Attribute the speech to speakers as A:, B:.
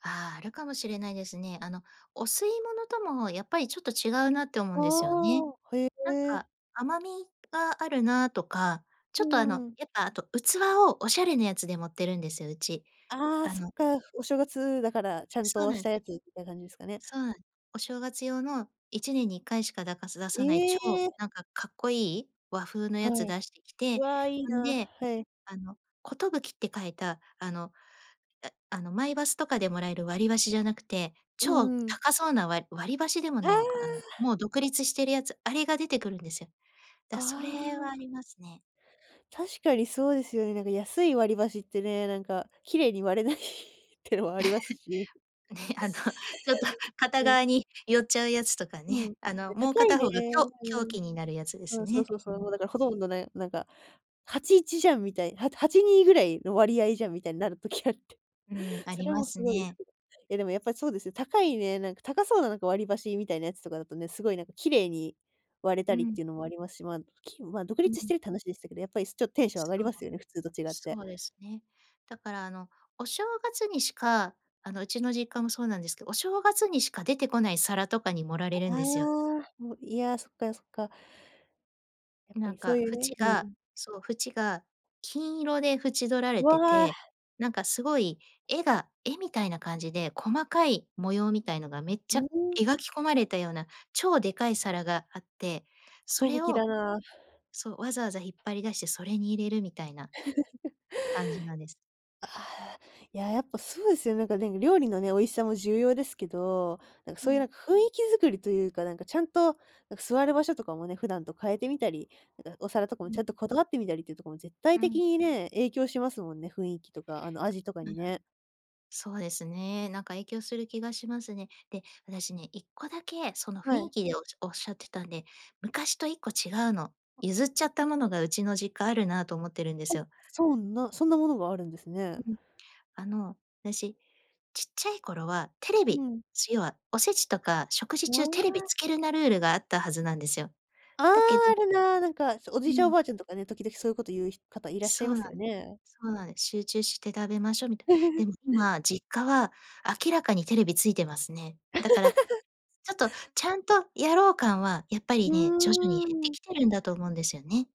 A: ああ、あるかもしれないですね。あの、お吸い物ともやっぱりちょっと違うなって思うんですよね。
B: ああ。へ
A: なん
B: え。
A: か、甘みがあるなとか、
B: う
A: ちょっとあ
B: ー
A: の
B: ん。
A: やっぱあと器をおしゃれなやつで盛ってるんですよ、うち。
B: ああ
A: あ
B: そっ
A: の
B: か。お正月だからちゃん
A: そう
B: と
A: な
B: し
A: ん
B: たやつみたい感じですかね。
A: そうなんお正月用の1年に1回しかだかす出さない超
B: え。
A: なんかかっこいい、和風の
B: は
A: やつ
B: い、
A: 出してき
B: う
A: て、
B: わ、いい
A: ほん
B: な。
A: で、
B: はい。
A: あの「寿」って書いたあの、ああのマイバスとかでもらえる割り箸じゃなくて、
B: う
A: 超
B: んうん。
A: 高そうなわり割り箸でも
B: あ
A: な
B: あ。
A: いのか、あんもう独立してるやつ、あれが出てくるんですよ。だ、
B: あ
A: それは
B: あ。
A: ありますね。
B: 確かにそうですよね。なんか安い割り箸ってね、なんか綺麗に割れないってのもありますしね。
A: ね、あのちょっと片
B: うん。
A: 側に寄っちゃうやつとか
B: うん、
A: ね、あの、
B: で、
A: もう
B: 高い
A: 片
B: ね
A: 方がきょう凶器になるやつで
B: う
A: す
B: ん、そ
A: ね。
B: うそうそ
A: う
B: うそう、
A: ん。
B: もうだからほとんどね、なんか8:1じゃんみたい、はと8:2ぐらいの割合
A: うん。
B: じゃんみたいになる時あって、
A: うん、あ
B: そ
A: り
B: れ
A: ま
B: も
A: す
B: すごい。
A: ね。
B: え、でもやっぱりそうですね、高いね、なんか高そうななんか割り箸みたいなやつとかだとね、すごいなんか綺麗に割れた
A: う
B: りっ
A: ん。
B: ていうのもありますし、まあ、木もまあ独
A: う
B: 立し
A: ん。
B: てるって話でしたけど、やっぱり、すちょ、テンション上
A: そ
B: がり
A: う。
B: ますよね、普通と違って。
A: そうですね。だからあの、お正月にしかあの、うちの実家もそうなんですけ、お正月にしか出てこない皿とかに盛ら
B: あ
A: れるんですよ。
B: ああ、もう、いや、そっか、や、そっか。やっ
A: ん、
B: ぱ
A: なん
B: りそう
A: か
B: いうね
A: 縁
B: う
A: が
B: ん。
A: そう、縁が金色で縁取ら
B: う
A: れて
B: わ。
A: て、なんかすごい絵が絵みたいな感じで、細かい模様みたいのがめっち
B: う
A: ゃ
B: ん。
A: 描き込まれたような超でかい皿があって、そ
B: 寿
A: れを
B: だな。
A: そう、わざわざ引っ張り出して、それに入れるみたいな 感じなんです。
B: ああ、いや、やっぱそうですよね。なんかでんぐ料理のね、美味しさも重要ですけど、なんか
A: う
B: そういう
A: ん。
B: なんか雰囲気作りというか、なんかちゃんと、なんか座る場所とかもね、普段と変えてみたり、なんかお皿とかも
A: う
B: ち
A: ん。
B: ゃんとこだわってみたりっていうとこも絶
A: う
B: 対的
A: ん。
B: にね、影響しますもんね、雰囲気とか、あの、味とか
A: うん。
B: にね。
A: そうですね、なんか影響する気がしますね。で、私ね、1個だけその
B: は
A: 雰
B: い。
A: 囲気でおじおっしゃってたんで、昔と1個違うの。
B: あ。
A: 譲っちゃったものがうちの実家あるなと思ってるんです
B: お、
A: よ。
B: そんなそんなものがあるんですね。
A: ん、ん、あの、あたし、ちっちゃい頃はテレ
B: うう
A: ビ、
B: ん。
A: す要はおせちとか食事中
B: も
A: テ
B: う
A: レビ
B: わ
A: つけるなルールがあったはずなんですよ。
B: ああ、
A: だけど
B: あるな、なんか、そ、お
A: う
B: じいちゃんお
A: ん。
B: ばあちゃんとかね、時々そういうこと言うひ方いらっしゃい
A: そ
B: ま
A: うなん
B: すよね。
A: そうなん。集中して食べましょうみた でも今、実家は明らかにテレビついてますね。だから、ち ょっとちゃんとやろう感は、やっぱ
B: う
A: りね、徐々に
B: ー
A: 減って
B: ん。
A: きてるんだと思うんですよね。